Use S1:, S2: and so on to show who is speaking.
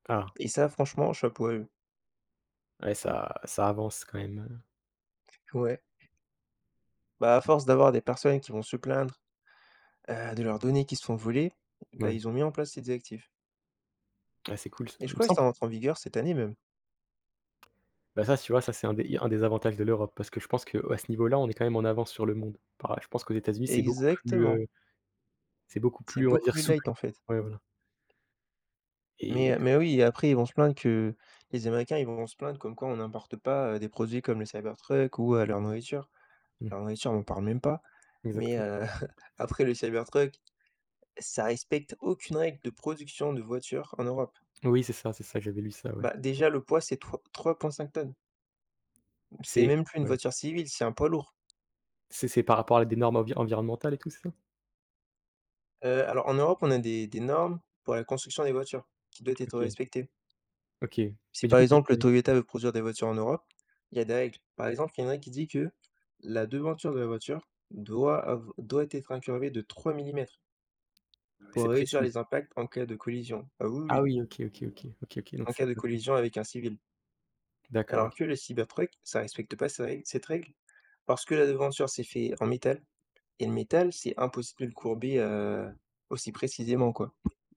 S1: Ah.
S2: Et ça franchement chapeau à eux.
S1: Ouais ça ça avance quand même, heu
S2: Ouais. Bah, à force d'avoir des personnes qui vont se plaindre. Heu, de leurs données qui se font voler, bah,
S1: Ouais.
S2: ils ont mis en place ces directifs
S1: Ah c'est cool ça,
S2: et je
S1: il me
S2: crois que
S1: semble
S2: ça rentre en vigueur cette année même.
S1: Ben, ça s tu vois, ça c'est un des li un des avantages de l'Europe parce que je pense qu'à ce niveau là, on est quand même en avance sur le monde. Enfin, je pense qu'aux États-Unis, c'est beaucoup plus,
S2: Exactement.
S1: heu c'est beaucoup
S2: C'est
S1: plus, on va
S2: beaucoup
S1: dire
S2: plus
S1: souple,
S2: light, en fait.
S1: ouais, voilà.
S2: mais
S1: Et
S2: heu, mais oui et après ils vont se plaindre que les Américains ils vont se plaindre comme quoi on n'importe pas des produits comme le Cybertruck ou, heu, leur nourriture
S1: Mmh.
S2: leur nourriture on en parle même pas mais
S1: Exacte
S2: heu, après le Cybertruck ça respecte aucune règle de production de voitures en Europe.
S1: Oui, c'est ça, c'est ça, j'avais lu ça, ouais.
S2: Bah, déjà, le poids c'est 3- 3.5 tonnes. C'est
S1: C'est
S2: même plus une
S1: ouais.
S2: voiture civile, c'est un poids lourd.
S1: C'est c'est par rapport à des normes envi environnementales et tout, c'est ça?
S2: Heu, alors en Europe, on a des des normes pour la construction des voitures qui doit être
S1: OK.
S2: respectées.
S1: OK, mais
S2: Si,
S1: du
S2: par
S1: coup,
S2: exemple,
S1: pourquoi?
S2: heu, Toyota veut produire des voitures en Europe, il y a des règles. Par exemple, il y en a un qui dit que la devanture de la voiture doit av doit être incurvée de 3 mm
S1: Ah ouais,
S2: pour
S1: c'est
S2: réduire
S1: précis.
S2: les impacts en cas de collision. Ah oui,
S1: Ah
S2: oui
S1: oui OK, OK, OK, OK, OK donc
S2: en
S1: c'est
S2: cas de
S1: [unintelligible]
S2: collision avec un civil.
S1: D'accord, OK,
S2: Alors que
S1: OK.
S2: le Cybertruck ça respecte pas ces règles cette règle parce que la devanture c'est fait en métal et le métal, c'est impossible de le courber, heu, aussi précisément, quoi.